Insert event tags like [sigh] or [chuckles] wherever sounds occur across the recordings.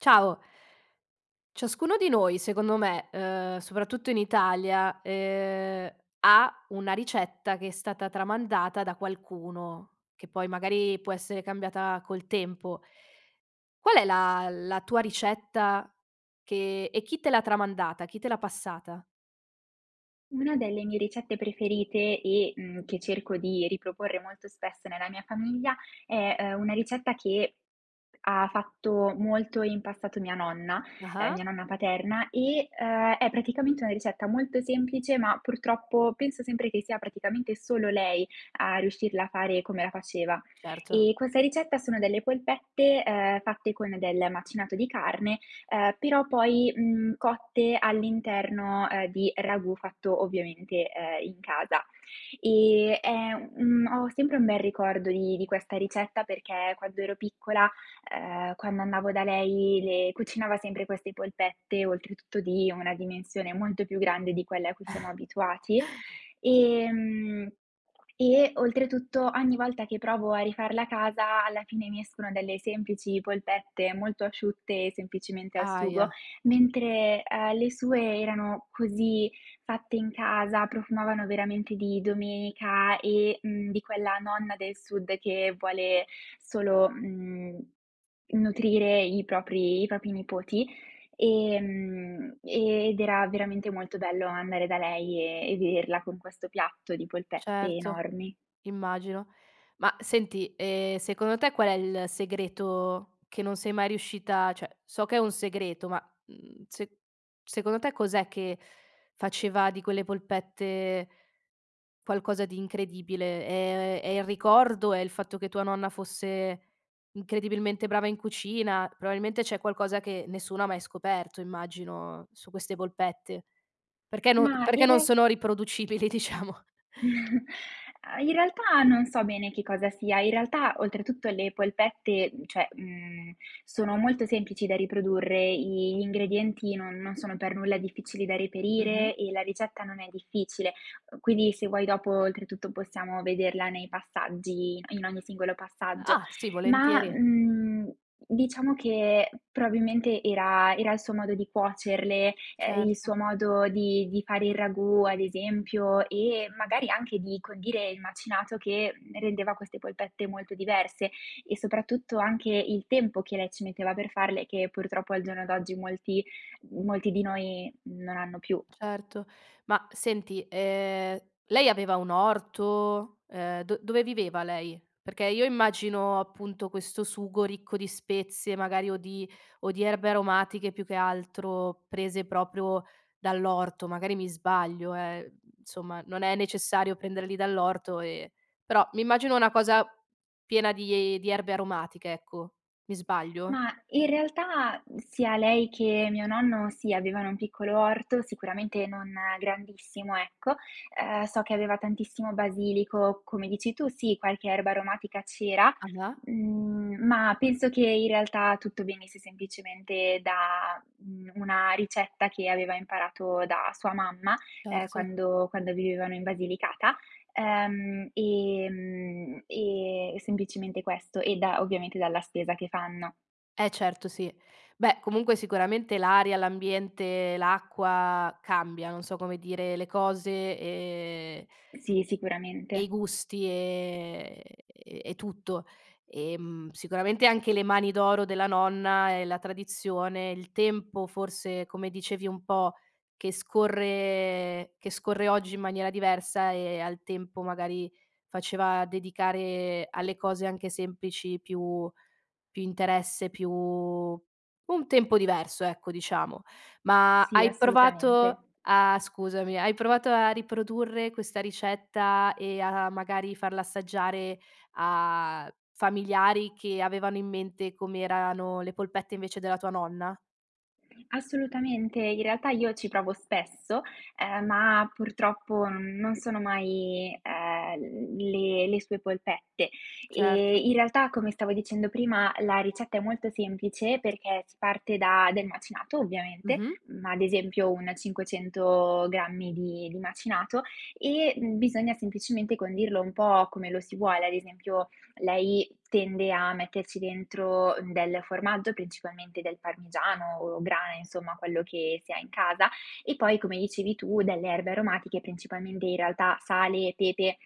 Ciao. Ciascuno di noi, secondo me, ehm, soprattutto in Italia, ehm, ha una ricetta che è stata tramandata da qualcuno, che poi magari può essere cambiata col tempo. Qual è la la tua ricetta che e chi te l'ha tramandata, chi te l'ha passata? Una delle mie ricette preferite e, mhmm, che cerco di riproporre molto spesso nella mia famiglia è, uhm, una ricetta che ha fatto molto in passato mia nonna, ehm, mia Ah-ah. nonna paterna e, ehm, è praticamente una ricetta molto semplice, ma purtroppo penso sempre che sia praticamente solo lei a riuscirla a fare come la faceva. Certo. E questa ricetta sono delle polpette, ehm, fatte con del macinato di carne, ehm, però poi, mhmm, cotte all'interno, ehm, di ragù fatto ovviamente, ehm, in casa, ehm, è un ho sempre un bel ricordo di di questa ricetta perché quando ero piccola, ehm, quando andavo da lei le cucinava sempre queste polpette, oltretutto di una dimensione molto più grande di quella a cui siamo abituati, [chuckles] ehm, e oltretutto ogni volta che provo a rifarla a casa alla fine mi escono delle semplici polpette molto asciutte, semplicemente al sugo, Ahia! mentre, ehm, le sue erano così fatte in casa, profumavano veramente di domenica e, mhmm, di quella nonna del sud che vuole solo, mhmm, nutrire i propri i propri nipoti, ehm, ed era veramente molto bello andare da lei e e vederla con questo piatto di polpette Certo, enormi. immagino. Ma senti, ehm, secondo te qual è il segreto che non sei mai riuscita cioè so che è un segreto ma, mhmm, se secondo te cos'è che faceva di quelle polpette qualcosa di incredibile, ehm, è il ricordo, è il fatto che tua nonna fosse, incredibilmente brava in cucina, probabilmente c'è qualcosa che nessuno ha mai scoperto, immagino su queste polpette, perché non Ma, perché in non real sono riproducibili diciamo. [chuckles] Uhm, in realtà non so bene che cosa sia, in realtà oltretutto le polpette, uhm, cioè, mhmm, sono molto semplici da riprodurre, gli ingredienti non non sono per nulla difficili da Mh-mh. reperire e la ricetta non è difficile. Quindi se vuoi dopo oltretutto possiamo vederla nei passaggi in ogni singolo passaggio, Ah, sì, ma, volentieri. mhmm, diciamo che probabilmente era era il suo modo di cuocerle, ehm, il Certo. suo modo di di fare il ragù, ad esempio, e magari anche di condire il macinato che rendeva queste polpette molto diverse e soprattutto anche il tempo che lei ci metteva per farle che purtroppo al giorno d'oggi molti molti di noi non hanno più. Certo. Ma senti, ehm, lei aveva un orto, ehm, do dove viveva lei? Perché io immagino, appunto, questo sugo ricco di spezie, magari o di o di erbe aromatiche più che altro prese proprio dall'orto, magari mi sbaglio eh, uhm, insomma, non è necessario prenderli dall'orto e però mi immagino una cosa, piena di di erbe aromatiche ecco, mi sbaglio? Ma, in realtà sia lei che mio nonno sì, avevano un piccolo orto, sicuramente non grandissimo ecco, ehm, so che aveva tantissimo basilico, come dici tu, sì, qualche erba aromatica c'era, Ava mhmm, ma penso che in realtà tutto venisse semplicemente da, uhm, una ricetta che aveva imparato da sua mamma, ehm, Certo. quando quando vivevano in Basilicata, ehm, ehm, e semplicemente questo e da ovviamente dalla spesa che fanno. Eh certo sì. Beh comunque sicuramente l'aria, l'ambiente, l'acqua cambia, non so come dire, le cose e Sì, i sicuramente. gusti, ehm, e tutto. Ehm, sicuramente anche le mani d'oro della nonna e la tradizione, il tempo forse, come dicevi un po', che scorre che scorre oggi in maniera diversa e al tempo magari faceva dedicare alle cose anche semplici più più interesse, più un tempo diverso, ecco, diciamo. Ma Sì, hai assolutamente. provato a scusami, hai provato a riprodurre questa ricetta e a magari farla assaggiare a familiari che avevano in mente come erano le polpette invece della tua nonna? Assolutamente, in realtà io ci provo spesso, uhm, ma purtroppo non sono mai, uhm, le le sue polpette. Ehm, Certo. in realtà, come stavo dicendo prima, la ricetta è molto semplice perché si parte da del macinato ovviamente, Mh-mh. ma ad esempio un 500 grammi di di macinato e, mhmm, bisogna semplicemente condirlo un po' come lo si vuole. Ad esempio, lei tende a metterci dentro del formaggio, principalmente del parmigiano o grana insomma, quello che si ha in casa, e poi, come dicevi tu delle erbe aromatiche, principalmente in realtà sale e pepe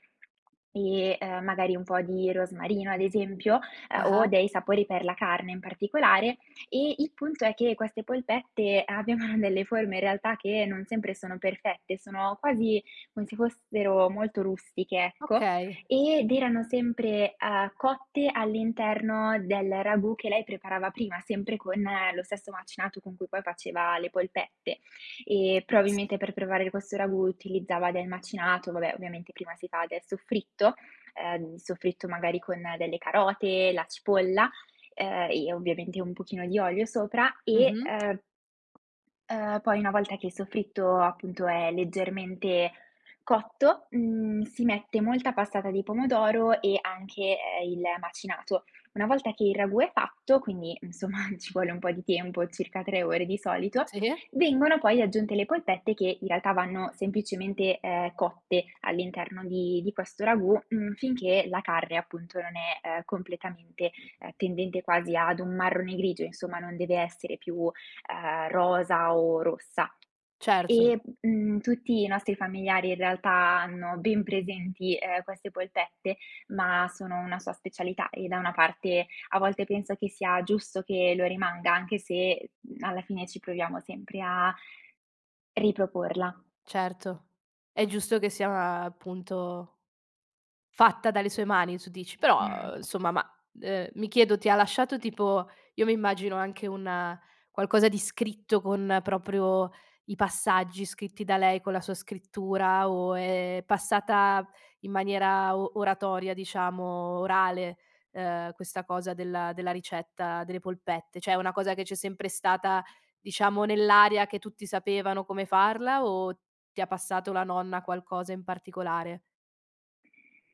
e, uhm, magari un po' di rosmarino, ad esempio, ehm, o Ah-ah. dei sapori per la carne in particolare. E il punto è che queste polpette abbiano delle forme in realtà che non sempre sono perfette, sono quasi come se fossero molto rustiche, ecco; Okay. ed erano sempre, uhm, cotte all'interno del ragù che lei preparava prima, sempre con lo stesso macinato con cui poi faceva le polpette. E S probabilmente per preparare questo ragù utilizzava del macinato; vabbè, ovviamente prima si fa del soffritto, uhm, il soffritto magari con delle carote, la cipolla, ehm e ovviamente un pochino di olio sopra e, Mh-mh. uhm uhm, poi una volta che il soffritto appunto è leggermente cotto, mhmm, si mette molta passata di pomodoro e anche, ehm, il macinato. Una volta che il ragù è fatto, quindi insomma ci vuole un po' di tempo, circa 3 ore di solito, Sì. vengono poi aggiunte le polpette che in realtà vanno semplicemente, ehm, cotte all'interno di di questo ragù, mhmm, finché la carne appunto non è, ehm, completamente, ehm, tendente quasi ad un marrone grigio, insomma, non deve essere più, uhm, rosa o rossa. Certo. E, mhmm, tutti i nostri familiari in realtà hanno ben presenti, ehm, queste polpette, ma sono una sua specialità e da una parte a volte penso che sia giusto che lo rimanga, anche se, mhmm, alla fine ci proviamo sempre a riproporla. Certo. È giusto che sia appunto fatta dalle sue mani tu dici. [sighs] Però, uhm, Mhmm insomma ma, uhm, mi chiedo ti ha lasciato tipo io mi immagino anche un qualcosa di scritto con proprio i passaggi scritti da lei, con la sua scrittura o è passata in maniera o oratoria diciamo, orale, uhm, questa cosa della della ricetta delle polpette? Cioè è una cosa che c'è sempre stata, diciamo nell'aria che tutti sapevano come farla o ti ha passato la nonna qualcosa in particolare?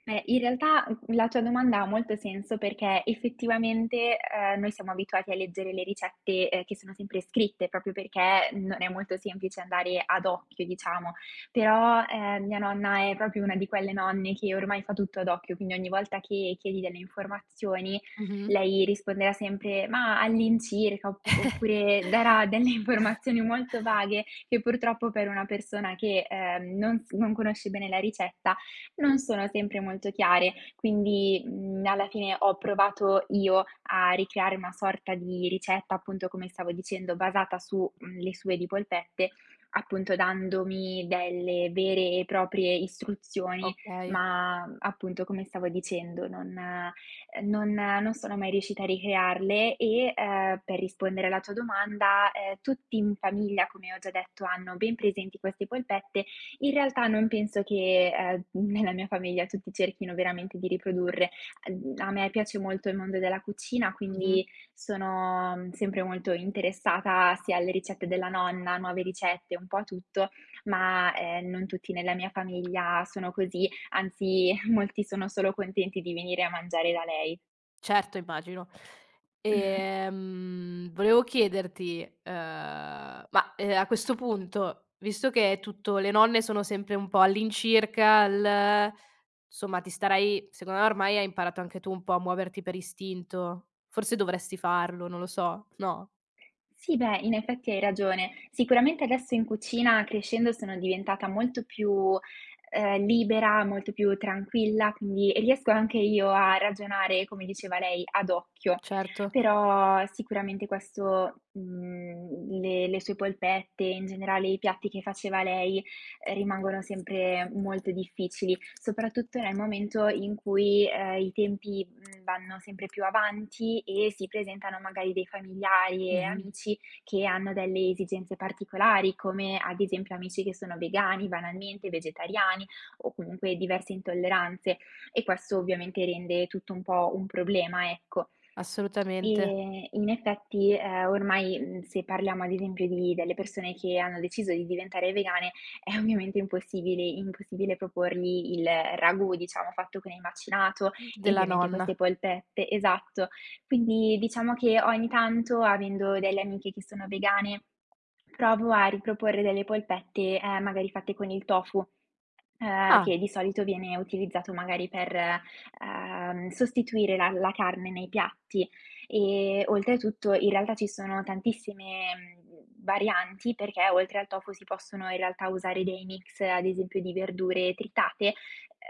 Eh, in realtà, mhmm, la tua domanda ha molto senso, perché effettivamente, ehm, noi siamo abituati a leggere le ricette, ehm, che sono sempre scritte proprio perché non è molto semplice andare ad occhio, diciamo. Però, ehm, mia nonna è proprio 1 di quelle nonne che ormai fa tutto ad occhio, quindi ogni volta che chiedi delle informazioni, Mh-mh. lei risponderà sempre: "Mah, all'incirca" op oppure darà delle informazioni molto [chuckles] vaghe che purtroppo per una persona che, ehm, non s non conosce bene la ricetta, non sono sempre molto chiare. Quindi, mhmm, alla fine ho provato io a ricreare una sorta di ricetta, appunto, come stavo dicendo, basata su, mhmm, le sue di polpette, appunto dandomi delle vere e proprie istruzioni, Okay. ma ,mhmm, appunto, come stavo dicendo, non ehm, non non sono mai riuscita a ricrearle e, ehm, per rispondere alla tua domanda, ehm, tutti in famiglia, come ho già detto, hanno ben presenti queste polpette. In realtà non penso che, ehm, nella mia famiglia tutti cerchino veramente di riprodurre. Ehm, a me piace molto il mondo della cucina, Mh-mh. quindi, sono, mhmm, sempre molto interessata sia alle ricette della nonna, nuove ricette, un po' a tutto ma ,ehm, non tutti nella mia famiglia sono così, anzi [chuckles] molti sono solo contenti di venire a mangiare da lei. Certo, immagino. [clears throat] Ehm, volevo chiederti, ehm, ma, ehm, a questo punto, visto che è tutto le nonne sono sempre un po' all'incirca l insomma ti starai secondo ormai hai imparato anche tu un po' a muoverti per istinto. Forse dovresti farlo, non lo so, no? Sì beh, in effetti hai ragione. Sicuramente adesso in cucina crescendo sono diventata molto più, ehm, libera, molto più tranquilla, quindi e riesco anche io a ragionare come diceva lei, ad occhio. Certo. Però sicuramente questo mhmm, le le sue polpette, in generale i piatti che faceva lei, ehm, rimangono sempre molto difficili, soprattutto nel momento in cui, ehm, i tempi, mhmm, vanno sempre più avanti e si presentano magari dei familiari e Mh-mh. amici, che hanno delle esigenze particolari, come ad esempio amici che sono vegani banalmente, vegetariani, o comunque diverse intolleranze, e questo ovviamente rende tutto un po' un problema, ecco. [smacks lips] Assolutamente. E in effetti, ehm, ormai, mhmm, se parliamo ad esempio di delle persone che hanno deciso di diventare vegane, è ovviamente impossibili impossibile proporgli il ragù, diciamo fatto con il macinato, Mh, e della ovviamente nonna. queste polpette, esatto. Quindi diciamo, che ogni tanto, avendo delle amiche che sono vegane, provo a riproporre delle polpette, ehm, magari fatte con il tofu, ehm, Ah! che di solito viene utilizzato magari per, ehm, sostituire la la carne nei piatti. E oltretutto in realtà ci sono tantissime, mhmm, varianti, perché oltre al tofu, si possono in realtà usare dei mix ad esempio di verdure tritate,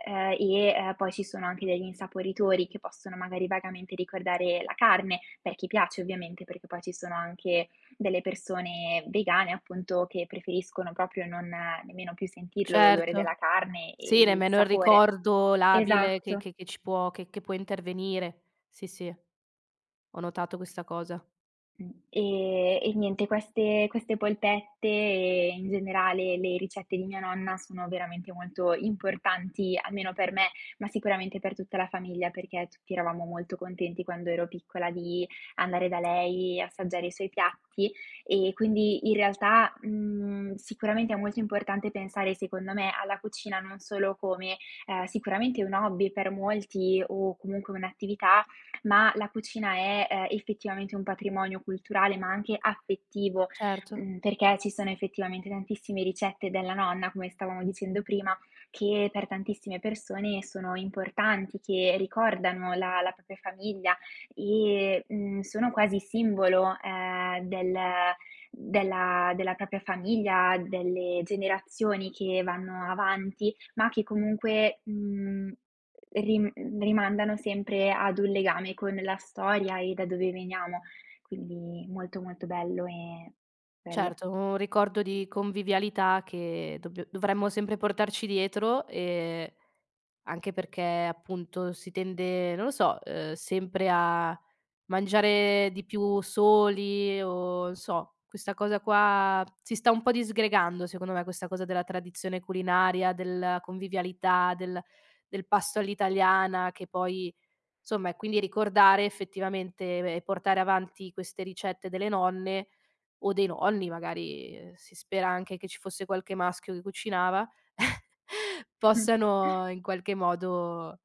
ehm, e, ehm, poi ci sono anche degli insaporitori che possono magari vagamente ricordare la carne, per chi piace ovviamente, perché poi ci sono anche delle persone vegane appunto, che preferiscono proprio non nemmeno più sentirlo l'odore Certo. della carne e Sì, il nemmeno il sapore. ricordo labile che Esatto. che che ci può che che può intervenire. Sì, sì. Ho notato questa cosa. Mh. Ehm, e niente queste queste polpette e, in generale, le ricette di mia nonna sono veramente molto importanti, almeno per me, ma sicuramente per tutta la famiglia perché tutti eravamo molto contenti quando ero piccola di andare da lei e assaggiare i suoi piatti; e quindi in realtà, mhmm, sicuramente è molto importante pensare secondo me, alla cucina non solo come, ehm, sicuramente un hobby per molti o comunque un'attività, ma la cucina è, ehm, effettivamente un patrimonio culturale, ma anche affettivo; Certo. mhmm, perché ci sono effettivamente tantissime ricette della nonna, come stavamo dicendo prima, che per tantissime persone sono importanti, che ricordano la la propria famiglia, e, mhmm, sono quasi simbolo, ehm, del della della propria famiglia, delle generazioni che vanno avanti, ma che comunque ,mhmm, ri rimandano sempre ad un legame con la storia e da dove veniamo, quindi molto, molto bello e bello. Certo, un ricordo di convivialità che dobbi dovremmo sempre portarci dietro e anche perché, appunto, si tende, non lo so, ehm, sempre a mangiare di più soli o sò questa cosa qua si sta un po' disgregando, secondo me questa cosa della tradizione culinaria, della convivialità, del del pasto all'italiana, che poi, insomma è quindi ricordare effettivamente e beh, portare avanti queste ricette delle nonne, o dei nonni, magari, ehm, si spera anche che ci fosse qualche maschio che cucinava; [chuckles] possano [snorts] in qualche modo,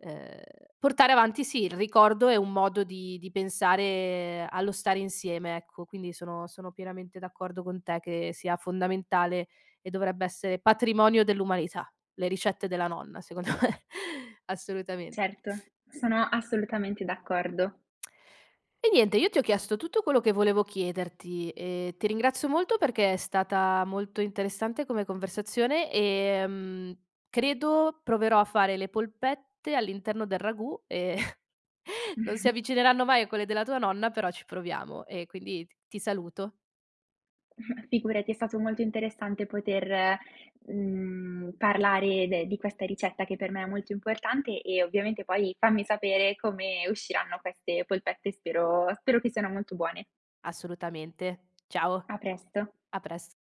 ehm, portare avanti sì, il ricordo è un modo di di pensare allo stare insieme, ecco. Quindi sono sono pienamente d'accordo con te, che sia fondamentale, e dovrebbe essere patrimonio dell'umanità. Le ricette della nonna secondo me. Assolutamente. Certo, sono assolutamente d'accordo. [smacks lips] E niente, io ti ho chiesto tutto quello che volevo chiederti, e ti ringrazio molto perché è stata molto interessante come conversazione, ehm, credo proverò a fare le polpette all'interno del ragù e, [chuckles] non si [chuckles] avvicineranno mai a quelle della tua nonna, però ci proviamo. E quindi t ti saluto. [chuckles] Figurati, è stato molto interessante poter, mhmm, parlare de di questa ricetta che per me è molto importante e ovviamente poi fammi sapere come usciranno queste polpette, spero spero che siano molto buone. Assolutamente, ciao, A presto. a prest